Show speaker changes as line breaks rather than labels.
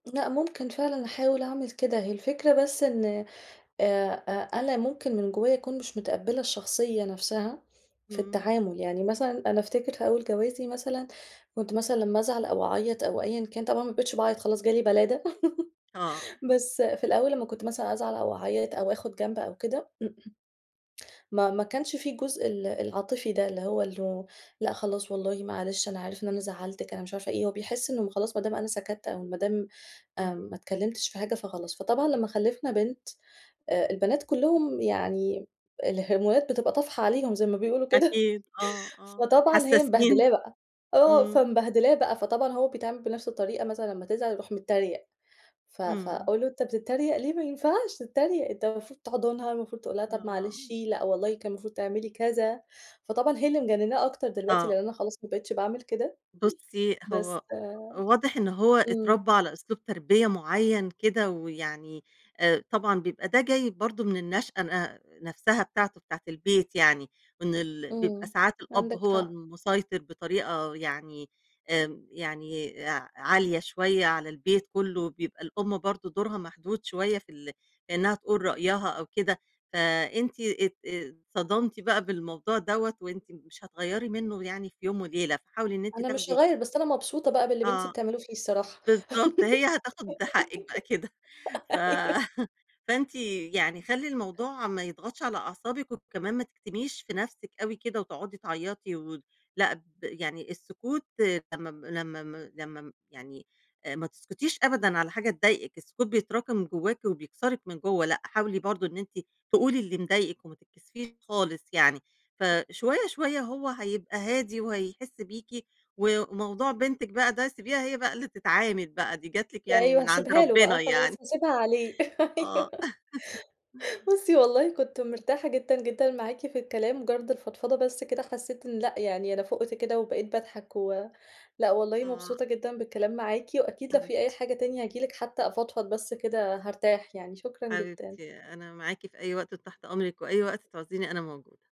لأ ممكن فعلًا أحاول أعمل كده، هي الفكرة بس إن آآ أ أنا ممكن من جوايا أكون مش متقبلة الشخصية نفسها في
امم.
التعامل، يعني مثلًا أنا أفتكر في أول جوازي مثلًا كنت مثلًا لمّا أزعل أو أعيط أو أيًا كان، طبعًا ما بقيتش باعيط خلاص جه لي بَلادة،
آه.
بس في الأول لمّا كنت مثلًا أزعل أو أعيط أو آخد جنب أو كده، ما ما كانش في الجزء ال العاطفي ده، اللي هو اللو لأ خلاص والله معلش، أنا عارف إن أنا زعلتِك، أنا مش عارفة إيه، هو بيحس إن مو خلاص ما دام أنا سكتت أو ما دام آمم ما
إمم.
اتكلمتش في حاجة، فخلاص. فطبعًا لمّا خلفنا بنت آآ البنات كلّهم يعني آآ، الهرمونات بتبقى طافحة عليهم زي ما بيقولوا كده
أكيد آه، آه،
فطبعًا هي
حساسين.
مبهدلاه بقى، آه،
إمم.
فمبهدلاه بقى فطبعًا هو بيتعامل بنفس الطريقة مثلًا لمّا تزعل يروح متريق، ف
إمم.
فأقول له: "أنت بتتريق ليه ما ينفعش تتريق، أنت المفروض تحضنها، المفروض تقول لها طب معلش،
آه.
لأ والله كان المفروض تعملي كذا." فطبعًا هي اللي مجنناه أكتر دلوقتي
آه.
لأن أنا خلاص، ما بقيتش باعمل كده.
بُصّي،
بس
هو واضح إن هو
إمم.
إتربّى على أسلوب تربية معيّن كده ويعني، آآ، طبعًا بيبقى ده جاي برضه من النشأة ن نفسها بتاعته بتاعة البيت يعني وإن ال بيبقى
إمم،
ساعات الأب
عندِك
هو
حق.
المُسيطر بطريقة يعني آمم، يعني أع عالية شوية على البيت كلّه، بيبقى الأم برضه دورها محدود شوية في ال إنها تقول رأيها أو كده، فأنتِ ات آآ، اتصدمتِ بقى بالموضوع دَوَّة وأنتِ مش هتغيّري منه يعني في يوم وليلة، فحاولي إن أنت
أنا مش
تاخدي
هاغيّر، بس أنا مبسوطة بقى باللي بنتي
آه،
بتعملوه فيه الصراحة،
بالضبط هي هتاخد حقِك بقى كده. ف
أيوه.
فأنتِ يعني خلّي الموضوع ما يضغطش على أعصابِك وكمان ما تكتميش في نفسِك أوي كده وتقعُدي تعيطي وت لأ، د يعني السكوت لمّا ب لمّا م لمّا م يعني آآ، ما تسكتيش أبدًا على حاجة تضايقِك، السكوت بيتراكم جواكِ وبيكسرِك من جوّه، لأ، حاولي برضه إن أنتِ تقولي اللي مضايقِك وما تتكسفيش خالص يعني. ف
امم.
شوية، شوية هو هيبقى هادي وهيحِس بيكِ و وموضوع بنتِك بقى ده سيبيها هي بقى اللي تتعامل بقى، دي جات لِك يعني
أيوه
من عند
هاسيبها له بقى
ربنا يعني.
وخلاص، هاسيبها عليه، أيوه.
آه.
بُصّي والله كنت مرتاحة جدًا جدًا معاكِ في الكلام، مُجرد الفضفضة بس كده حسّيت إن لأ، يعني أنا فُقت كده وبقيت باضحك و لأ والله
آه.
مبسوطة جدًا بالكلام معاكِ، وأكيد لو في أي
حبيبتي.
حاجة تانية هاجي لِك حتى أفضفض بس كده، هارتاح يعني. شكرًا جدًا.
حبيبتي، أنا معاكِ في أي وقت وتحت أمرِك وأي وقت تعوزيني أنا موجودة.